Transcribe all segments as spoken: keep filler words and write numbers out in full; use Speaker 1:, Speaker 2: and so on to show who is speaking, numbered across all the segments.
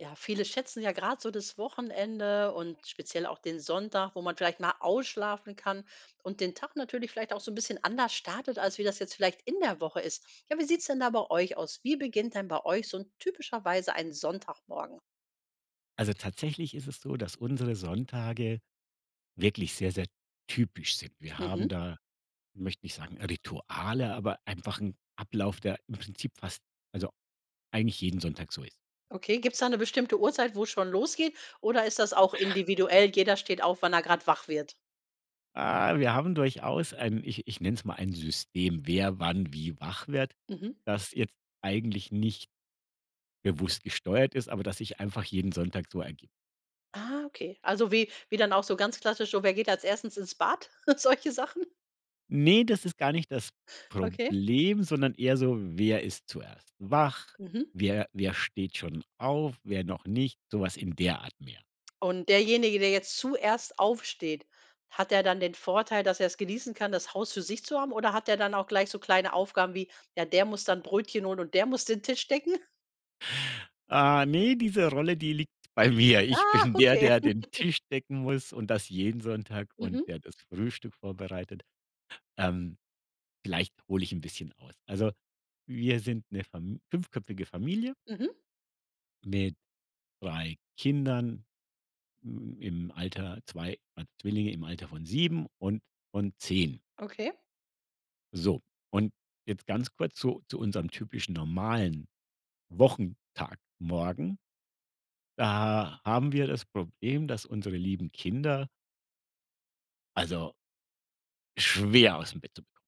Speaker 1: Ja, viele schätzen ja grad so das Wochenende und speziell auch den Sonntag, wo man vielleicht mal ausschlafen kann und den Tag natürlich vielleicht auch so 'n bisschen anders startet, als wie das jetzt vielleicht in der Woche ist. Ja, wie sieht's denn da bei euch aus? Wie beginnt denn bei euch so 'n typischerweise ein Sonntagmorgen?
Speaker 2: Also, tatsächlich ist es so, dass unsere Sonntage wirklich sehr, sehr typisch sind. Wir haben
Speaker 1: Mhm.
Speaker 2: da, ich möchte nicht sagen, Rituale, aber einfach 'n Ablauf, der im Prinzip fast, also, eigentlich jeden Sonntag so ist.
Speaker 1: Okay, gibt's da 'ne bestimmte Uhrzeit, wo's schon losgeht oder ist das auch individuell? Jeder steht auf, wann er grad wach wird.
Speaker 2: Ah, wir haben durchaus ein, ich ich nenne es mal: "Ein System", wer wann wie wach wird,
Speaker 1: Mhm.
Speaker 2: das jetzt eigentlich nicht bewusst gesteuert ist, aber das sich einfach jeden Sonntag so ergibt.
Speaker 1: Ah okay. Also, wie wie dann auch so ganz klassisch so: „Wer geht als erstes ins Bad?" Solche Sachen?
Speaker 2: Ne, das ist gar nicht das
Speaker 1: Okay.
Speaker 2: Problem, sondern eher so, wer ist zuerst wach?
Speaker 1: Mhm.
Speaker 2: Wer wer steht schon auf, wer noch nicht, sowas in der Art mehr.
Speaker 1: Und derjenige, der jetzt zuerst aufsteht, hat er dann den Vorteil, dass er's genießen kann, das Haus für sich zu haben oder hat er dann auch gleich so kleine Aufgaben wie: „Ja, der muss dann Brötchen holen und der muss den Tisch decken?”
Speaker 2: Ah, ne, diese Rolle, die liegt bei mir. Ich
Speaker 1: Ah,
Speaker 2: bin der,
Speaker 1: okay.
Speaker 2: der den Tisch decken muss und das jeden Sonntag und
Speaker 1: Mhm.
Speaker 2: der das Frühstück vorbereitet. Ähm, vielleicht hole ich 'n bisschen aus. Also wir sind 'ne Fam fünfköpfige Familie
Speaker 1: Mhm.
Speaker 2: mit drei Kindern, hm, im Alter- zwei, waren Zwillinge- im Alter von sieben und von zehn.
Speaker 1: Okay.
Speaker 2: So und jetzt ganz kurz zu zu unserem typischen normalen Wochentagmorgen. Da haben wir das Problem, dass unsere lieben Kinder also schwer aus dem Bett zu bekommen.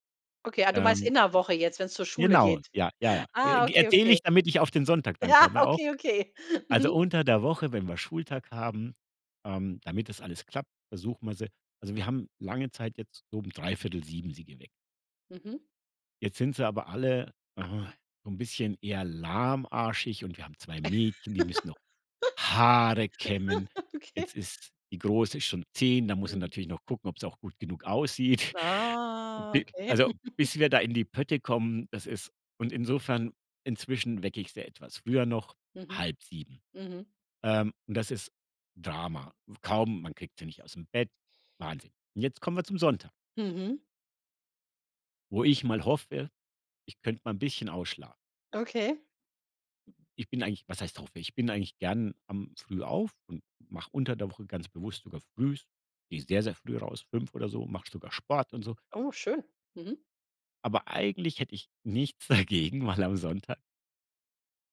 Speaker 1: Okay, ah, du meinst
Speaker 2: Ähm
Speaker 1: in der Woche jetzt, wenn's zur Schule
Speaker 2: Genau,
Speaker 1: geht.
Speaker 2: ja, ja, ja. Äh,
Speaker 1: Ah,
Speaker 2: g
Speaker 1: okay,
Speaker 2: erzähle ich,
Speaker 1: okay.
Speaker 2: damit ich auf den Sonntag dann
Speaker 1: Ja,
Speaker 2: komme auch.
Speaker 1: okay, okay,
Speaker 2: Also
Speaker 1: mhm.
Speaker 2: unter der Woche, wenn wir Schultag haben, ähm, damit das alles klappt, versuchen wir sie also wir haben lange Zeit jetzt so um dreiviertel sieben sie geweckt.
Speaker 1: Mhm.
Speaker 2: Jetzt sind sie aber alle, äh, so 'n bisschen eher lahmarschig und wir haben zwei Mädchen, die müssen noch Haare kämmen.
Speaker 1: Okay.
Speaker 2: Jetzt ist die Große schon zehn, da muss ich
Speaker 1: Mhm.
Speaker 2: natürlich noch gucken, ob's auch gut genug aussieht.
Speaker 1: Ah,
Speaker 2: Bi
Speaker 1: okay.
Speaker 2: also bis wir da in die Pötte kommen, das ist und insofern inzwischen wecke ich sie etwas früher noch,
Speaker 1: Mhm.
Speaker 2: halb sieben.
Speaker 1: Mhm.
Speaker 2: Ähm, und das ist Drama. W kaum man kriegt sie nicht ausm Bett, Wahnsinn. Und jetzt kommen wir zum Sonntag
Speaker 1: Mhm.
Speaker 2: wo ich mal hoffe, ich könnte mal 'n bisschen ausschla
Speaker 1: Okay.
Speaker 2: Ich bin eigentlich was heißt hoffe? Ich bin eigentlich gerne, ähm, früh auf und mache unter der Woche ganz bewusst sogar frühs gehe ich sehr, sehr früh raus, fünf oder so, mache ich sogar Sport und so.
Speaker 1: Oh, schön. Mhm.
Speaker 2: Aber eigentlich hätte ich nichts dagegen, mal am Sonntag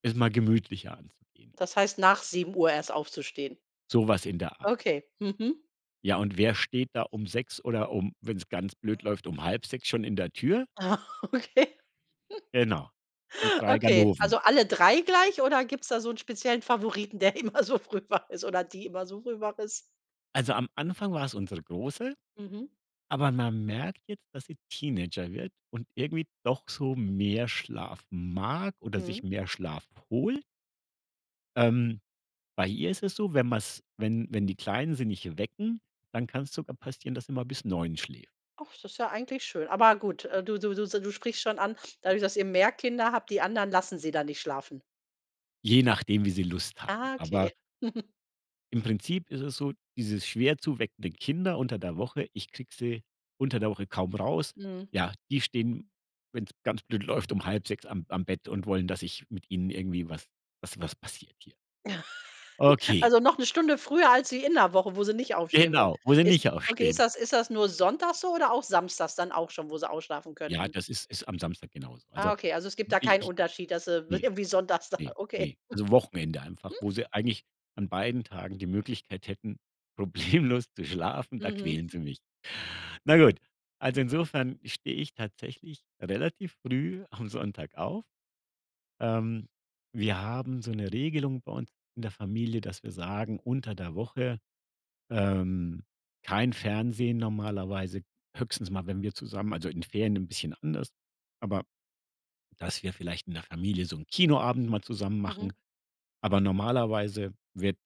Speaker 2: es mal gemütlicher anzugehen.
Speaker 1: Das heißt, nach sieben Uhr erst aufzustehen.
Speaker 2: So was in der Art.
Speaker 1: Okay, Mhm.
Speaker 2: Ja und wer steht da um sechs oder um, wenn's ganz blöd läuft, halb sechs schon in der Tür?
Speaker 1: Aha, okay.
Speaker 2: Genau, die drei
Speaker 1: Okay,
Speaker 2: Ganoven.
Speaker 1: also, alle drei gleich oder gibt's da so 'n speziellen Favoriten der immer so früh wach ist oder die immer so früh wach ist.
Speaker 2: Also, am Anfang war es unsere Große,
Speaker 1: Mhm.
Speaker 2: aber man merkt jetzt, dass sie Teenager wird und irgendwie doch so mehr Schlaf mag oder sich
Speaker 1: Mhm.
Speaker 2: mehr Schlaf holt. Ähm, bei ihr ist es so, wenn man's wenn wenn die Kleinen sie nicht wecken, dann kann's sogar passieren, dass sie mal bis neun schläft.
Speaker 1: Ach das ist ja eigentlich schön aber gut, äh, du du du se du sprichst schon an dadurch dass ihr mehr Kinder habt die anderen lassen sie da nicht schlafen.
Speaker 2: Je nachdem, wie sie Lust haben.
Speaker 1: Ah,
Speaker 2: Aber
Speaker 1: okay.
Speaker 2: im Prinzip ist es so, dieses schwer zu weckende Kinder unter der Woche, ich kriege sie unter der Woche kaum raus,
Speaker 1: Mhm.
Speaker 2: ja, die stehen, wenn's ganz blöd läuft, halb sechs am am Bett und wollen, dass ich mit ihnen irgendwie was was was passiert hier. Okay.
Speaker 1: Also, noch 'ne Stunde früher als wie in 'ner Woche, wo sie nicht aufstehen wollen.
Speaker 2: Genau, wo sie
Speaker 1: Ist
Speaker 2: nicht
Speaker 1: okay, ist
Speaker 2: aufstehen.
Speaker 1: das ist das nur sonntags so oder auch samstags dann auch schon, wo sie ausschlafen
Speaker 2: Ja,
Speaker 1: könnten?
Speaker 2: das ist ist am Samstag genauso.
Speaker 1: Ah,
Speaker 2: Also,
Speaker 1: okay, also, es gibt da
Speaker 2: ich
Speaker 1: keinen
Speaker 2: ich
Speaker 1: Unterschied, dass sie w
Speaker 2: ne,
Speaker 1: irgendwie sonntags da
Speaker 2: ne,
Speaker 1: okay.
Speaker 2: ne. Also, Wochenende einfach, wo sie eigentlich an beiden Tagen die Möglichkeit hätten, problemlos zu schlafen, da
Speaker 1: Mhm.
Speaker 2: quälen sie mich. Na gut, also, insofern stehe ich tatsächlich relativ früh am Sonntag auf. Ähm, wir haben so 'ne Regelung bei uns in der Familie, dass wir sagen: Unter der Woche ähm, kein Fernsehen normalerweise, höchstens mal, wenn wir zusammen also, in Ferien 'n bisschen anders, aber, dass wir vielleicht in der Familie so 'n Kinoabend mal zusammen
Speaker 1: Mhm.
Speaker 2: machen, aber normalerweise wird,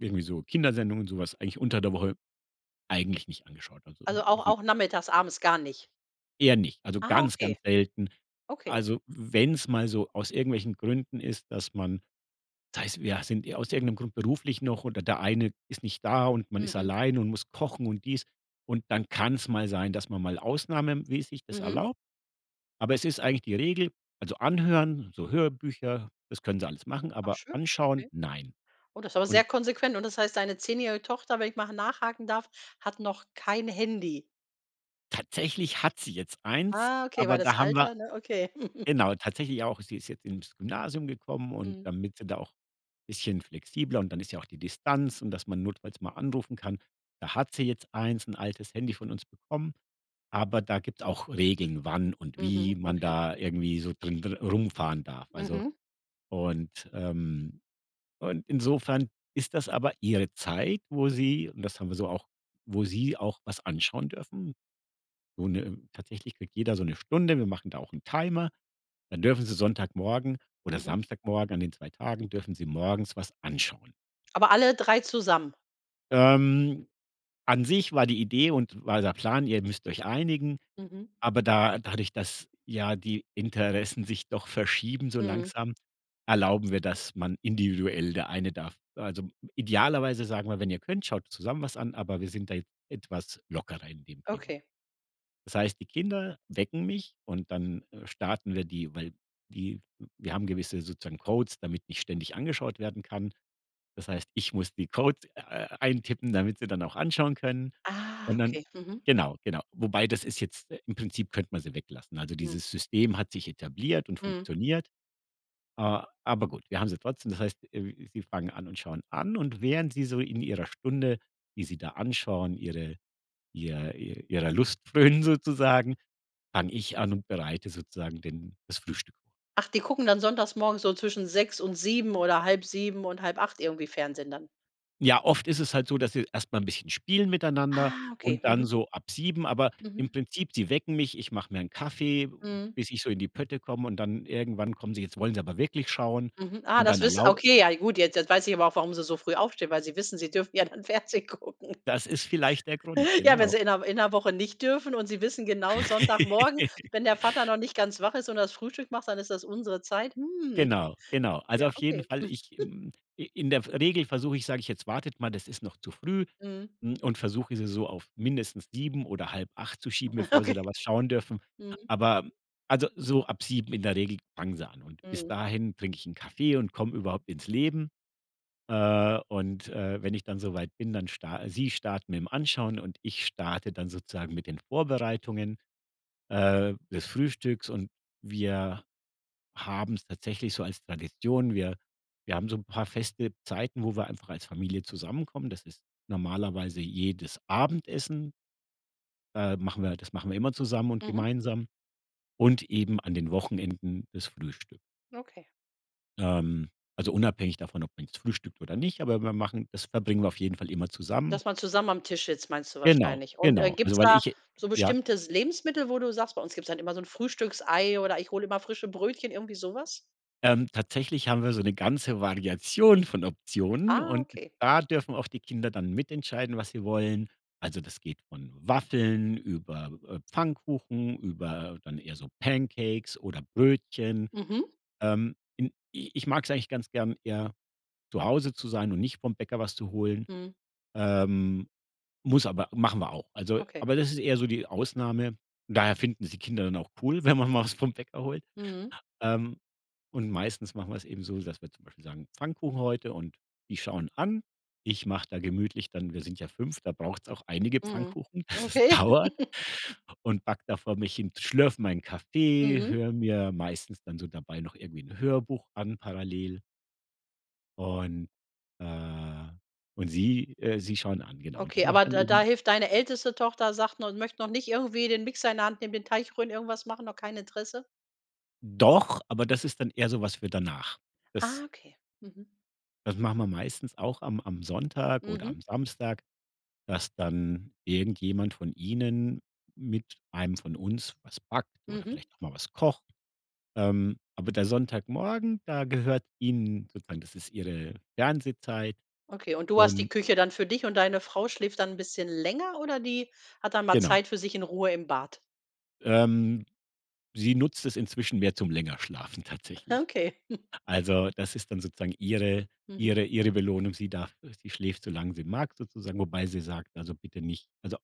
Speaker 2: irgendwie so Kindersendungen und sowas eigentlich unter der Woche, eigentlich nicht angeschaut. Also
Speaker 1: Also, auch auch nachmittags abends gar nicht.
Speaker 2: Eher nicht, also,
Speaker 1: Ah,
Speaker 2: ganz, ganz
Speaker 1: okay.
Speaker 2: selten.
Speaker 1: Okay.
Speaker 2: Also, w wenn's mal so aus irgendwelchen Gründen ist, dass man sei's, wir sind ir aus irgendeinem Grund beruflich noch oder der eine ist nicht da und man ist
Speaker 1: Mhm.
Speaker 2: alleine und muss kochen und dies und dann kann's mal sein, dass man mal Ausnahmemäßig das
Speaker 1: Mhm.
Speaker 2: erlaubt. Aber es ist eigentlich die Regel, also, anhören, so Hörbücher, das können sie alles machen,
Speaker 1: Ach
Speaker 2: aber
Speaker 1: schön,
Speaker 2: anschauen,
Speaker 1: okay.
Speaker 2: nein.
Speaker 1: Oh, das aber sehr
Speaker 2: Und
Speaker 1: konsequent und das heißt, deine zehnjährige Tochter, wenn ich mal ha nachhaken darf, hat noch kein Handy?
Speaker 2: Tatsächlich hat sie jetzt eins,
Speaker 1: Ah, okay,
Speaker 2: aber
Speaker 1: weil das
Speaker 2: da haben wir
Speaker 1: Alter, ne, okay.
Speaker 2: genau, tatsächlich auch, sie ist jetzt ins Gymnasium gekommen und
Speaker 1: Mhm.
Speaker 2: damit sie da auch, bisschen flexibler und dann ist ja auch die Distanz und dass man notfalls mal anrufen kann, da hat sie jetzt eins, 'n altes Handy von uns bekommen, aber da gibt auch Regeln, wann und wie
Speaker 1: Mhm,
Speaker 2: man
Speaker 1: okay.
Speaker 2: da irgendwie so drin dri rumfahren darf. Also,
Speaker 1: Mhm.
Speaker 2: und ähm und insofern ist das aber ihre Zeit, wo sie, und das haben wir so auch wo sie auch was anschauen dürfen. Und äh, tatsächlich kriegt jeder so 'ne Stunde, wir machen da auch 'n Timer, dann dürfen sie Sonntagmorgen oder
Speaker 1: Mhm.
Speaker 2: Samstagmorgen an den zwei Tagen, dürfen sie morgens was anschauen.
Speaker 1: Aber alle drei zusammen?
Speaker 2: Ähm. An sich war die Idee und war der Plan: „Ihr müsst euch einigen“,
Speaker 1: Mhm.
Speaker 2: aber da dadurch, dass ja die Interessen sich doch verschieben so
Speaker 1: Mhm.
Speaker 2: langsam, erlauben wir, dass man individuell, der eine darf also, idealerweise sagen wir: „Wenn ihr könnt, schaut zusammen was an“, aber wir sind da jetzt etwas lockerer in dem Thema.
Speaker 1: Okay.
Speaker 2: Das heißt, die Kinder wecken mich und dann, äh, starten wir die, weil die w wir haben gewisse sozusagen Codes, damit nicht ständig angeschaut werden kann. Das heißt, ich muss die Codes, äh, eintippen, damit sie dann auch anschauen können
Speaker 1: Ah,
Speaker 2: und dann
Speaker 1: okay mhm.
Speaker 2: genau genau, wobei das ist jetzt äh, im Prinzip könnten wir sie weglassen. Also,
Speaker 1: Hm.
Speaker 2: dieses System hat sich etabliert und
Speaker 1: Mhm.
Speaker 2: funktioniert, a aber gut, wir haben sie trotzdem, das heißt, äh, sie fangen an und schauen an und während sie so in ihrer Stunde, die sie da anschauen, ihre ihr ihr ihrer Lust frönen sozusagen, fange ich an und bereite sozusagen denen das Frühstück vor.
Speaker 1: Ach die gucken dann sonntags morgens so zwischen sechs und sieben oder halb 7 und halb 8 irgendwie Fernsehen dann?
Speaker 2: Ja, oft ist es halt so, dass sie erst mal 'n bisschen spielen miteinander
Speaker 1: Ah, okay,
Speaker 2: und dann
Speaker 1: mhm.
Speaker 2: so ab sieben, aber im
Speaker 1: Mhm.
Speaker 2: Prinzip sie wecken mich. Ich mache mir 'n Kaffee,
Speaker 1: Mhm.
Speaker 2: bis ich so in die Pötte komme und dann irgendwann kommen sie jetzt wollen sie aber wirklich schauen
Speaker 1: Mhm. Ah,
Speaker 2: und
Speaker 1: das
Speaker 2: dann
Speaker 1: wiss ah,
Speaker 2: erlau
Speaker 1: okay ja gut jetzt jetzt weiß ich aber auch, warum sie so früh aufstehen, weil sie wissen, sie dürfen ja dann Fernsehen gucken.
Speaker 2: Das ist vielleicht der Grund,
Speaker 1: Ja, wenn
Speaker 2: genau.
Speaker 1: sie in 'ner in 'ner Woche nicht dürfen und sie wissen genau Sonntagmorgen, wenn der Vater noch nicht ganz wach ist und das Frühstück macht, dann ist das unsere Zeit, hm.
Speaker 2: Genau, genau. Also,
Speaker 1: Ja,
Speaker 2: auf jeden
Speaker 1: okay.
Speaker 2: Fall, ich hm, i in der v Regel versuche ich sage ich: „Jetzt wartet mal, das ist noch zu früh“
Speaker 1: Mhm.
Speaker 2: hm, und versuche, sie so auf mindestens sieben oder halb acht zu schieben, bevor sie
Speaker 1: Okay.
Speaker 2: da was schauen dürfen.
Speaker 1: Mhm.
Speaker 2: Aber also, so ab sieben in der Regel fangen sie an. Und bis
Speaker 1: Mhm.
Speaker 2: dahin trinke ich 'n Kaffee und komme überhaupt ins Leben. Äh, und, äh, wenn ich dann so weit bin, dann star sie starten mit dem Anschauen und ich starte dann sozusagen mit den Vorbereitungen, äh, des Frühstücks und wir haben's tatsächlich so als Tradition. Wir wir haben so 'n paar feste Zeiten, wo wir einfach als Familie zusammenkommen, das ist normalerweise jedes Abendessen ähm, machen wir halt das machen wir immer zusammen und
Speaker 1: Mhm.
Speaker 2: gemeinsam und eben an den Wochenenden das Frühstück.
Speaker 1: Okay.
Speaker 2: Ähm, also, unabhängig davon, ob man jetzt frühstückt oder nicht, aber wir machen das verbringen wir auf jeden Fall immer zusammen.
Speaker 1: Dass man zusammen am Tisch sitzt, meinst du
Speaker 2: Genau,
Speaker 1: wahrscheinlich. Und, äh,
Speaker 2: genau,
Speaker 1: gibt
Speaker 2: also,
Speaker 1: es
Speaker 2: weil
Speaker 1: da
Speaker 2: ich
Speaker 1: so
Speaker 2: ja?
Speaker 1: bestimmtes Lebensmittel, wo du sagst: „Bei uns gibt es dann immer so 'n Frühstücksei oder ich hole immer frische Brötchen“, irgendwie so was?
Speaker 2: Ähm, tatsächlich haben wir so ne ganze Variation von Optionen
Speaker 1: Ah,
Speaker 2: und
Speaker 1: okay.
Speaker 2: da dürfen auch die Kinder dann mitentscheiden, was sie wollen. Also, das geht von Waffeln über, äh, Pfannkuchen über dann eher so Pancakes oder Brötchen.
Speaker 1: Mhm.
Speaker 2: Ähm, hm, i ich mag es eigentlich ganz gern, eher zu Hause zu sein und nicht vom Bäcker was zu holen.
Speaker 1: Mhm.
Speaker 2: Ähm, muss aber machen wir auch. Also
Speaker 1: Okay.
Speaker 2: aber das ist eher so die Ausnahme. Daher finden es die Kinder dann auch cool, wenn man mal was vom Bäcker holt.
Speaker 1: Mhm.
Speaker 2: Ähm. Und meistens machen wir es eben so, dass wir zum Beispiel sagen: „Pfannkuchen heute und die schauen an.“ Ich mache da gemütlich dann wir sind ja fünf, da braucht es auch einige
Speaker 1: Mhm,
Speaker 2: Pfannkuchen, das
Speaker 1: okay.
Speaker 2: dauert, und backe davor mich hin, schlürfe meinen Kaffee,
Speaker 1: Mhm.
Speaker 2: höre mir meistens dann so dabei noch irgendwie 'n Hörbuch an parallel und, äh und sie, äh sie schauen an genau und ich
Speaker 1: Okay,
Speaker 2: mache
Speaker 1: aber
Speaker 2: dann
Speaker 1: da da
Speaker 2: eben
Speaker 1: hilft deine älteste Tochter sagt noch und möchte noch nicht irgendwie den Mixer in der Hand eben den Teig rühren, irgendwas machen, noch kein Interesse?
Speaker 2: Doch, aber das ist dann eher so was für danach.
Speaker 1: Ah,
Speaker 2: Das
Speaker 1: okay. Mhm.
Speaker 2: Das machen wir meistens auch am am Sonntag oder
Speaker 1: Mhm.
Speaker 2: am Samstag, dass dann irgendjemand von ihnen mit einem von uns was backt oder
Speaker 1: Mhm.
Speaker 2: vielleicht auch mal was kocht, ähm, aber der Sonntagmorgen, da gehört ihnen sozusagen das ist ihre Fernsehzeit,
Speaker 1: Okay, und du hast die
Speaker 2: und
Speaker 1: Küche dann für dich und deine Frau schläft dann 'n bisschen länger oder die hat dann mal
Speaker 2: Genau.
Speaker 1: Zeit für sich in Ruhe im Bad?
Speaker 2: Ähm, sie nutzt es inzwischen mehr zum länger schlafen
Speaker 1: Ah,
Speaker 2: tatsächlich.
Speaker 1: okay.
Speaker 2: Also, das ist dann sozusagen ihre
Speaker 1: Mhm.
Speaker 2: ihre ihre Belohnung. Sie darf sie schläft so lang sie mag sozusagen, wobei sie sagt: „Also, bitte nicht also,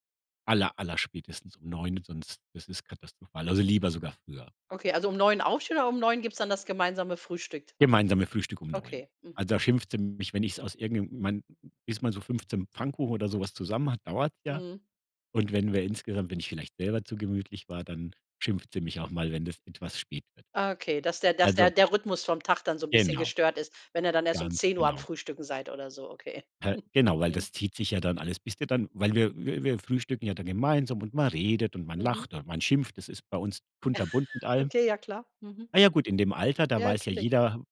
Speaker 2: aller aller spätestens um neun, sonst es ist katastrophal also, lieber sogar früher.“
Speaker 1: Okay, also, um neun aufstehen oder um neun gibt's dann das gemeinsame Frühstück?
Speaker 2: Gemeinsame Frühstück um neun.
Speaker 1: Okay, mhm.
Speaker 2: Also, da schimpfte sie mich, wenn ich's aus irgend 'nem man bis man so fünfzehn Pfannkuchen oder sowas zusammen hat dauert's ja,
Speaker 1: Mhm.
Speaker 2: und wenn wir insgesamt wenn ich vielleicht selber zu gemütlich war, dann schimpft sie mich auch mal, wenn das etwas spät wird.
Speaker 1: Ah, okay, dass der dass der
Speaker 2: Also
Speaker 1: der Rhythmus vom Tag dann so 'n bisschen
Speaker 2: Genau.
Speaker 1: gestört ist, wenn ihr dann erst um
Speaker 2: Ganz
Speaker 1: zehn Uhr am
Speaker 2: genau.
Speaker 1: Frühstücken seid oder so, okay.
Speaker 2: Hä, genau, weil
Speaker 1: Mhm.
Speaker 2: das zieht sich ja dann alles bist du dann weil wir wir wir frühstücken ja dann gemeinsam und man redet und man
Speaker 1: Mhm.
Speaker 2: lacht und man schimpft. Das ist bei uns kunterbunt mit allem.
Speaker 1: Okay, ja klar. Mhm.
Speaker 2: Na ja gut, in dem Alter, da
Speaker 1: Ja,
Speaker 2: weiß ja
Speaker 1: natürlich.
Speaker 2: jeder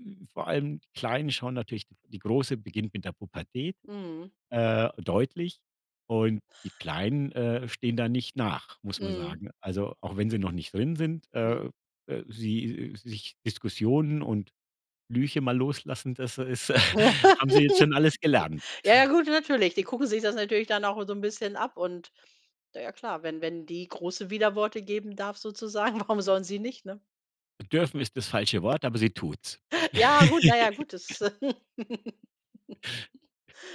Speaker 2: äh, w vor allem die Kleinen schauen natürlich die Große beginnt mit der Pubertät,
Speaker 1: Mhm.
Speaker 2: äh, deutlich und die Kleinen, äh, stehen da nicht nach, muss man
Speaker 1: Mhm.
Speaker 2: sagen. Also, auch wenn sie noch nicht drin sind,
Speaker 1: Mhm.
Speaker 2: äh, äh, sie sich Diskussionen und Flüche mal loslassen, das ist haben sie jetzt schon alles gelernt.
Speaker 1: Ja, ja gut, natürlich. Die gucken sich das natürlich dann auch so 'n bisschen ab und na ja klar, wenn wenn die Große Widerworte geben darf sozusagen, warum sollen sie nicht, ne?
Speaker 2: Bedürfen ist das falsche Wort, aber sie tut's.
Speaker 1: Ja gut, na ja gut, das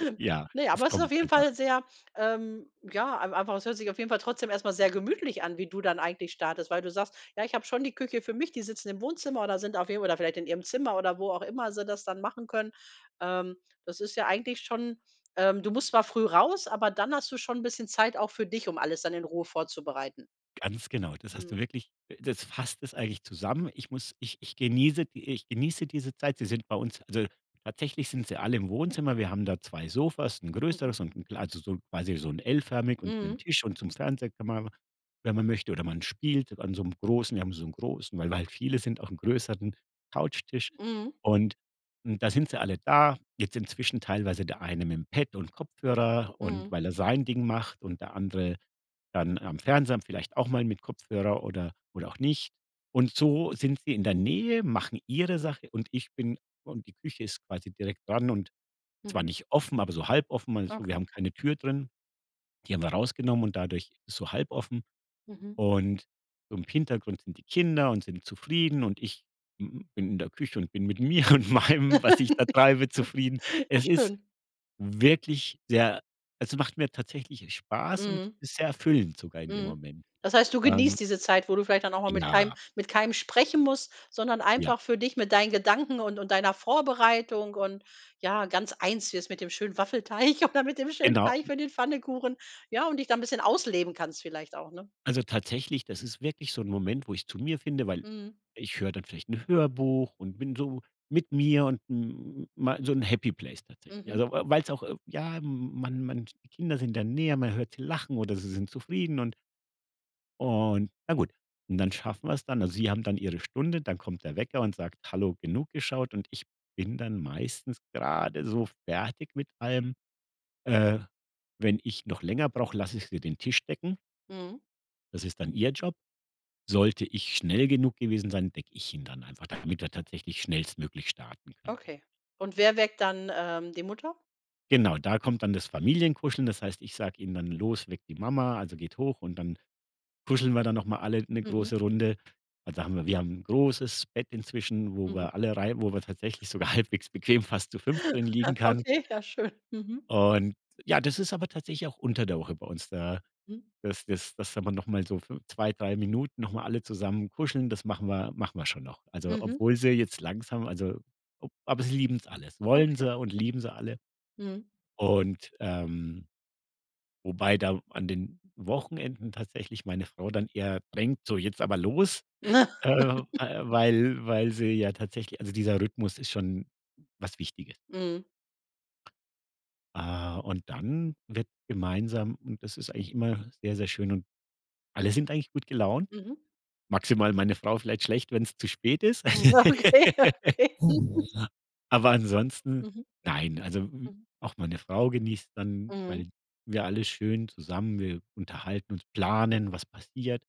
Speaker 2: Äh, ja,
Speaker 1: ne
Speaker 2: es
Speaker 1: aber es ist auf
Speaker 2: kommt
Speaker 1: jeden
Speaker 2: einfach.
Speaker 1: Fall sehr, ähm, ja, ei einfach es hört sich auf jeden Fall trotzdem erst mal sehr gemütlich an, wie du dann eigentlich startest, weil du sagst: „Ja, ich habe schon die Küche für mich, die sitzen im Wohnzimmer oder sind auf jeden oder vielleicht in ihrem Zimmer“ oder wo auch immer sie das dann machen können. Ähm, das ist ja eigentlich schon ähm, du musst zwar früh raus, aber dann hast du schon 'n bisschen Zeit auch für dich, um alles dann in Ruhe vorzubereiten.
Speaker 2: Ganz genau, das hast du
Speaker 1: Mhm.
Speaker 2: wirklich äh, das fasst es eigentlich zusammen. Ich muss ich ich genieße die, äh ich genieße diese Zeit. Sie sind bei uns also, tatsächlich sind sie alle im Wohnzimmer. Wir haben da zwei Sofas, 'n
Speaker 1: Mhm.
Speaker 2: größeres und 'n kle also, so 'n quasi so 'n L-förmig und mit 'nem
Speaker 1: Mhm.
Speaker 2: Tisch und zum Fernseher kann man [unintelligible] wenn man möchte oder man spielt an so 'nem großen wir haben so 'n großen weil wir halt viele sind, auch 'n größeren Couchtisch.
Speaker 1: Mhm.
Speaker 2: Und n da sind sie alle da jetzt inzwischen teilweise der eine mit dem Pad und Kopfhörer und
Speaker 1: Mhm.
Speaker 2: weil er sein Ding macht und der andere dann am Fernseher am vielleicht auch mal mit Kopfhörer oder oder auch nicht und so sind sie in der Nähe, machen ihre Sache und ich bin und die Küche ist quasi direkt dran und zwar
Speaker 1: Mhm.
Speaker 2: nicht offen, aber so halb offen also, wir
Speaker 1: Okay.
Speaker 2: haben keine Tür drin. Die haben wir rausgenommen und dadurch ist es so halb offen
Speaker 1: Mhm.
Speaker 2: und so im Hintergrund sind die Kinder und sind zufrieden und ich, hm, bin in der Küche und bin mit mir und meinem, was ich da treibe, zufrieden.
Speaker 1: Ja
Speaker 2: Es ist
Speaker 1: schön.
Speaker 2: wirklich sehr es macht mir tatsächlich, äh, Spaß und
Speaker 1: Mhm.
Speaker 2: ist sehr erfüllend sogar in dem
Speaker 1: Mhm.
Speaker 2: Moment.
Speaker 1: Das heißt, du
Speaker 2: Ähm
Speaker 1: genießt diese Zeit, wo du vielleicht dann auch mal mit keinem
Speaker 2: Klar.
Speaker 1: mit keinem sprechen muss, sondern
Speaker 2: Ja.
Speaker 1: einfach für dich, mit deinen Gedanken und und deiner Vorbereitung und ja ganz eins wirst mit dem schönen Waffelteig oder mit dem schönen
Speaker 2: Genau.
Speaker 1: Teig für den Pfannkuchen, ja und dich da 'n bisschen ausleben kannst vielleicht auch, ne?
Speaker 2: Also, tatsächlich, das ist wirklich so 'n Moment, wo ich zu mir finde, weil
Speaker 1: Mhm.
Speaker 2: ich höre dann vielleicht 'n Hörbuch und bin so mit mir und m mei so 'n Happy Place tatsächlich.
Speaker 1: Mhm.
Speaker 2: Also, weil weil's auch irg ja, m m man man die Kinder sind da näher, man hört lachen oder sie sind zufrieden und und na gut. Und dann schaffen wir 's dann. Also, sie haben dann ihre Stunde, dann kommt der Wecker und sagt: „Hallo, genug geschaut“. Und ich bin dann meistens gerade so fertig mit allem. Äh, wenn ich noch länger brauche, lasse ich sie den Tisch decken.
Speaker 1: Mhm.
Speaker 2: Das ist dann ihr Job. Sollte ich schnell genug gewesen sein, decke ich ihn dann einfach, damit wir tatsächlich schnellstmöglich starten können direkt.
Speaker 1: Okay. Und wer weckt dann, ähm, die Mutter?
Speaker 2: Genau, da kommt dann das Familienkuscheln das heißt, ich sage ihnen dann: „Los, weck die Mama, also, geht hoch“, und dann kuscheln wir da noch mal alle ne
Speaker 1: Mhm.
Speaker 2: große Runde. Also, haben wir wir haben 'n großes Bett inzwischen, wo
Speaker 1: Mhm.
Speaker 2: wir alle rein wo wir tatsächlich sogar halbwegs bequem fast zu fünft. drin liegen kann.
Speaker 1: Okay, ja schön, mhm.
Speaker 2: Und ja, das ist aber tatsächlich auch unter der Woche bei uns da
Speaker 1: Mhm.
Speaker 2: dass dass dass da noch mal so fünf zwei, drei Minuten noch mal alle zusammen kuscheln, das machen wir machen wir schon noch. Also,
Speaker 1: Mhm.
Speaker 2: obwohl sie jetzt langsam also, oh aber sie lieben es alles, wollen
Speaker 1: Okay.
Speaker 2: sie und lieben sie alle.
Speaker 1: Mhm.
Speaker 2: Und, ähm. Und wobei da an den Wochenenden tatsächlich meine Frau dann eher, denkt, so jetzt aber los, äh, weil weil sie ja tatsächlich also, dieser Rhythmus ist schon was Wichtiges.
Speaker 1: Mhm.
Speaker 2: Ah, und dann wird gemeinsam und das ist eigentlich immer sehr, sehr schön und alle sind eigentlich gut gelaunt
Speaker 1: Mhm.
Speaker 2: maximal meine Frau vielleicht schlecht, wenn es zu spät ist.
Speaker 1: Hm, ja, okay, ja, okay.
Speaker 2: Aber ansonsten
Speaker 1: Mhm.
Speaker 2: nein, also hm,
Speaker 1: Mhm.
Speaker 2: auch meine Frau genießt dann,
Speaker 1: Mhm.
Speaker 2: weil wir alle schön zusammen wir unterhalten uns, planen, was passiert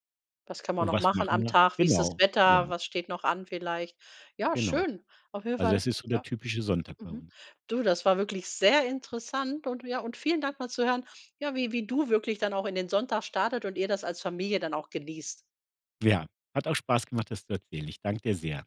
Speaker 1: Was kann man
Speaker 2: und
Speaker 1: noch
Speaker 2: was
Speaker 1: machen
Speaker 2: machen
Speaker 1: am
Speaker 2: wir?
Speaker 1: Tag? Wie ist das
Speaker 2: Genau,
Speaker 1: Wetter?
Speaker 2: ja.
Speaker 1: Was steht noch an vielleicht? Ja,
Speaker 2: Genau.
Speaker 1: schön. Auf jeden
Speaker 2: Also, da
Speaker 1: Fall,
Speaker 2: ist so der
Speaker 1: ja
Speaker 2: typische Sonntag bei
Speaker 1: mhm.
Speaker 2: uns.
Speaker 1: Du, das war wirklich sehr interessant und ja und vielen Dank mal zu hören, ja, wie wie du wirklich dann auch in den Sonntag startet und ihr das als Familie dann auch genießt.
Speaker 2: Ja, hat auch Spaß gemacht, das zu erzählen. Ich danke dir sehr.